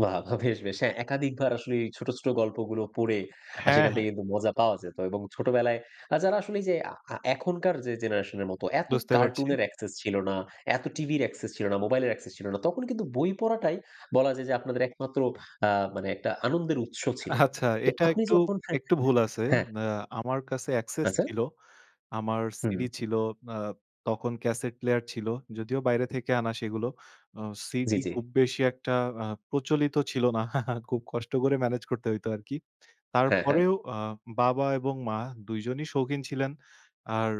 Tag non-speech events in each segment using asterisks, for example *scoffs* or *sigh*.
বাহ! বাহ! বেশ, বেশ, হ্যাঁ, একাধিকবার আসলেই ছোট, ছোট গল্পগুলো পড়ে হ্যাঁ, সেখান হ্যাঁ। থেকে কিন্তু মজা পাওয়া যেত। এবং ছোটবেলায় আ যারা, আসলে এইযে আ আ এখনকার যে জেনারেশনের মত এত বুঝতে পারছি। কার্টুনের অ্যাক্সেস ছিল না, এত টিভির অ্যাক্সেস ছিল না, মোবাইলের অ্যাক্সেস ছিল না, তখন কিন্তু বই পড়াটাই বলা যায় যে আপনাদের একমাত্র, আ মানে একটা আনন্দের উৎস ছিল। আচ্ছা, তো, এটা আপনি একটু যখন *scoffs* একটু ভুল আছে। হ্যাঁ। অ্যা আমার কাছে অ্যাক্সেস আচ্ছা। ছিল। আমার হুম। সিডি ছিল। আ তখন ক্যাসেট প্লেয়ার ছিল, যদিও বাইরে থেকে আনা সেগুলো। আ জি, সিডি জি। খুব বেশি একটা আ প্রচলিত ছিল না। *chuckles* খুব কষ্ট করে মেনেজ করতে হইতো আরকি। হ্যাঁ, হ্যাঁ। তারপরেও আ বাবা এবং মা ২ জনই শৌখিন ছিলেন। আর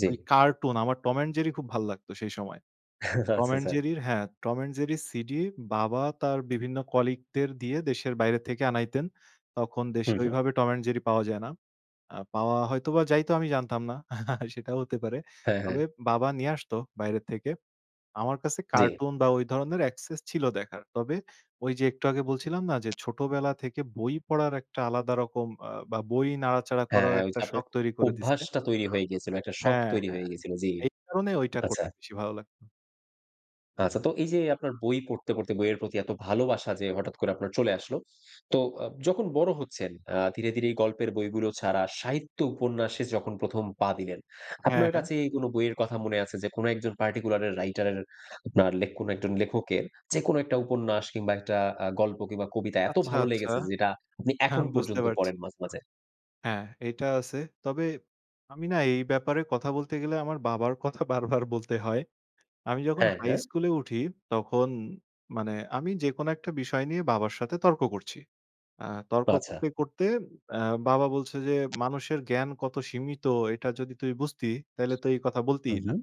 জি। ওই কার্টুন, আমার টম অ্যান্ড জেরি খুব ভাল লাগতো সেই সময়। আচ্ছা, টম অ্যান্ড আচ্ছা। জেরি হ্যাঁ, টম অ্যান্ড জেরি সিডি বাবা তার বিভিন্ন কলিগদের দিয়ে দেশের বাইরে থেকে আনাইতেন। তখন হু, দেশে হু। ওইভাবে টম অ্যান্ড জেরি পাওয়া যায় না। আ পাওয়া হয়তোবা যাইতো, আমি জানতাম না। *chuckles* সেটাও হতে পারে। হ্যাঁ, তবে হ্যাঁ। বাবা নিয়ে আসতো বাইরে থেকে। আমার কাছে জি। কার্টুন বা ওই ধরনের অ্যাক্সেস ছিল দেখার। তবে ওই যে একটু আগে বলছিলাম না, যে ছোটবেলা থেকে বই পড়ার একটা আলাদা রকম, আ বা বই নাড়াচাড়া হ্যাঁ, করার হ্যাঁ। ওই একটা যে আপনার শখ তৈরি করে দিছে। অভ্যাসটা তৈরি হয়ে গিয়েছিল। একটা শখ হ্যাঁ, তৈরি হ্যাঁ। হয়ে গিয়েছিল। জি, এই কারণে ঐটা আচ্ছা। করতে বেশি ভালো লাগতো। আচ্ছা, তো এই যে আপনার বই পড়তে, পড়তে বইয়ের প্রতি এত ভালোবাসা যে হঠাৎ করে আপনার চলে আসলো। তো, আব যখন বড় হচ্ছেন আ ধীরে, ধীরে এই গল্পের বইগুলো ছাড়া সাহিত্য উপন্যাসে যখন প্রথম পা দিলেন, হ্যাঁ, আপনার হ্যাঁ। কাছে কোন বইয়ের কথা মনে আছে, যে কোন একজন পার্টিকুলার এর রাইটার এর, আপনার লেখ কোন একজন লেখকের যেকোন একটা উপন্যাস কিংবা একটা আ গল্প কিংবা কবিতা এত আচ্ছা, ভালো আচ্ছা। লেগেছে, যেটা আপনি হ্যাঁ, এখন বুঝতে পর্যন্ত পারছি। পড়েন মাঝে, মাঝে? হ্যাঁ, এটা আছে। তবে আমি না, এই ব্যাপারে কথা বলতে গেলে আমার বাবার কথা বারবার বলতে হয়। আমি যখন হ্যাঁ, হাই হ্যাঁ। স্কুলে উঠি, তখন মানে আমি যেকোনো একটা বিষয় নিয়ে বাবার সাথে তর্ক করছি। আ তর্ক আচ্ছা। করতে, করতে আ বাবা বলছে যে, মানুষের জ্ঞান কত সীমিত, এটা যদি তুই বুঝতি, তাইলে তো এই কথা বলতিই না। উঁহু।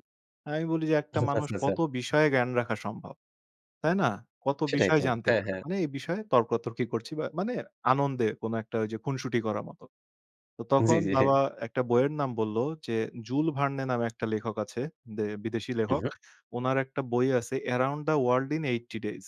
আমি বলি যে, একটা আচ্ছা, মানুষ আচ্ছা। কত বিষয়ে জ্ঞান রাখা সম্ভব? তাই না? কত সেটাই বিষয় তো। জানতে হ্যাঁ, পারে? হ্যাঁ। মানে এই বিষয়ে তর্কতর্কি করছি, বা মানে আনন্দে কোন একটা ওইযে খুনসুটি করার মতো। তো, জি, তখন জি। বাবা একটা বইয়ের নাম বলল যে, "জুল ভার্নে" নামে একটা লেখক আছে। দে বিদেশী লেখক। উঁহু। উনার একটা বই আছে, "around the world in eighty days."